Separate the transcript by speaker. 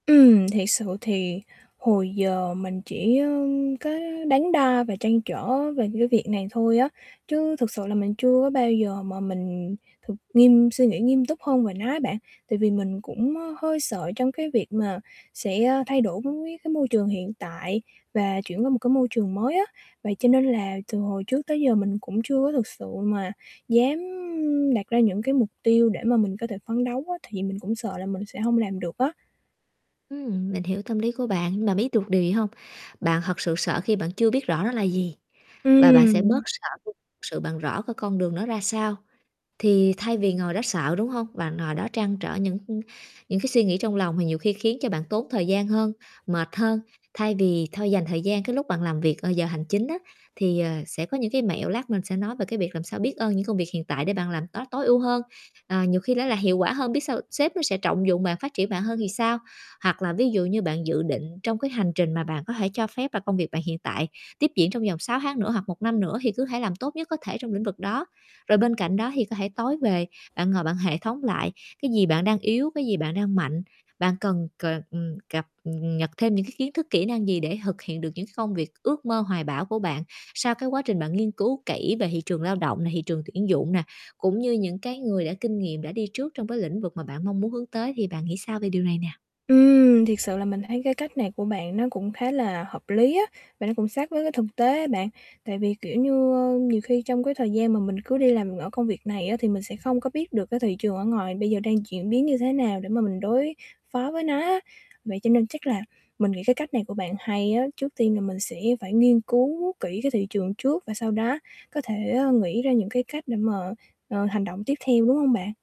Speaker 1: Ừm, thiệt sự thì hồi giờ mình chỉ, ơ, cái đắn đo và trăn trở về cái việc này thôi á, chứ thực sự là mình chưa có bao giờ mà mình thực nghiêm suy nghĩ nghiêm túc hơn về nó á bạn. Tại vì mình cũng, ơ, hơi sợ trong cái việc mà sẽ thay đổi với cái môi trường hiện tại và chuyển qua một cái môi trường mới á, vậy cho nên là từ hồi trước tới giờ mình cũng chưa có thực sự mà dám đặt ra những cái mục tiêu để mà mình có thể phấn đấu á, tại vì mình cũng sợ là mình sẽ hông làm được á.
Speaker 2: Ừm, mình hiểu tâm lý của bạn, mà biết được điều gì hông? Bạn thật sự sợ khi bạn chưa biết rõ nó là gì và bạn sẽ
Speaker 1: Ừm.
Speaker 2: bớt sợ khi thực sự bạn rõ cái con đường nó ra sao. Thì thay vì ngồi đó sợ, đúng hông? Bạn ngồi đó trăn trở những những cái suy nghĩ trong lòng mà nhiều khi khiến cho bạn tốn thời gian hơn, mệt hơn, thay vì thôi, dành thời gian cái lúc bạn làm việc, ờ, giờ hành chính á thì, ờ, sẽ có những cái mẹo, lát mình sẽ nói về cái việc làm sao biết ơn những công việc hiện tại để bạn làm tốt tối ưu hơn, ờ, nhiều khi nó là hiệu quả hơn, biết sau sếp nó sẽ trọng dụng bạn, phát triển bạn hơn thì sao? Hoặc là ví dụ như bạn dự định trong cái hành trình mà bạn có thể cho phép là công việc bạn hiện tại tiếp diễn trong vòng 6 tháng nữa hoặc 1 năm nữa thì cứ hãy làm tốt nhất có thể trong lĩnh vực đó. Rồi bên cạnh đó thì có thể tối về, bạn ngồi bạn hệ thống lại cái gì bạn đang yếu, cái gì bạn đang mạnh, bạn cần c ờ, cập, ừm, nhật thêm những cái kiến thức kỹ năng gì để thực hiện được những cái công việc ước mơ hoài bão của bạn? Sau cái quá trình bạn nghiên cứu kỹ về thị trường lao động nè, thị trường tuyển dụng nè, cũng như những cái người đã kinh nghiệm đã đi trước trong cái lĩnh vực mà bạn mong muốn hướng tới. Thì bạn nghĩ sao về điều này nè?
Speaker 1: Ừm, thiệt sự là mình thấy cái cách này của bạn nó cũng khá là hợp lý á, và nó cũng sát với cái thực tế á bạn. Tại vì, kiểu như, ơ,nhiều khi trong cái thời gian mà mình cứ đi làm ở công việc này á thì mình sẽ không có biết được cái thị trường ở ngoài bây giờ đang chuyển biến như thế nào để mà mình đối phó với nó á. Vậy cho nên chắc là mình nghĩ cái cách này của bạn hay á, trước tiên thì mình sẽ phải nghiên cứu kỹ cái thị trường trước và sau đó có thể, ơ, nghĩ ra những cái cách để mà, ờ, hành động tiếp theo, đúng hông bạn?